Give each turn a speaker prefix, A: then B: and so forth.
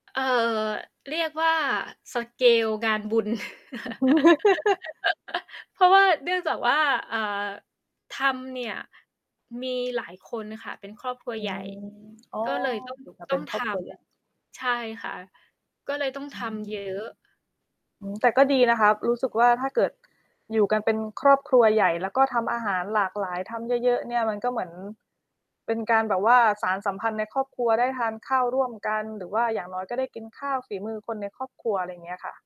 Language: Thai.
A: เอ่อ เรียกว่า สเกล งานบุญ เพราะว่า เนื่องจากว่า เอ่อ ทำเนี่ย มีหลายคนค่ะ เป็นครอบครัว
B: อื
A: ใหญ่
B: ม อ๋อ
A: ก็เลย ต้อง
B: อยู่กัน
A: ต
B: เป
A: ้อ
B: ็น
A: ง
B: ค
A: ท
B: รอบครัวใหญ่
A: ำ ใช่ค่ะ ก็เลยต้อง
B: อ
A: ท
B: ื
A: ำ
B: ม
A: เยอะ
B: อืม แต่ก็ดีนะครับ รู้สึกว่าถ้าเกิดอยู่กันเป็นครอบครัวใหญ่ แล้วก็ทำอาหารหลากหลาย ทำเยอะ ๆ เนี่ย มันก็เหมือนเป็นการแบบว่า สานสัมพันธ์ในครอบครัวได้ทานข้าวร่วมกัน หรือว่าอย่างน้อยก็ได้กินข้าวฝีมือคนในครอบครัว อะไรอย่างเงี้ยค่ะ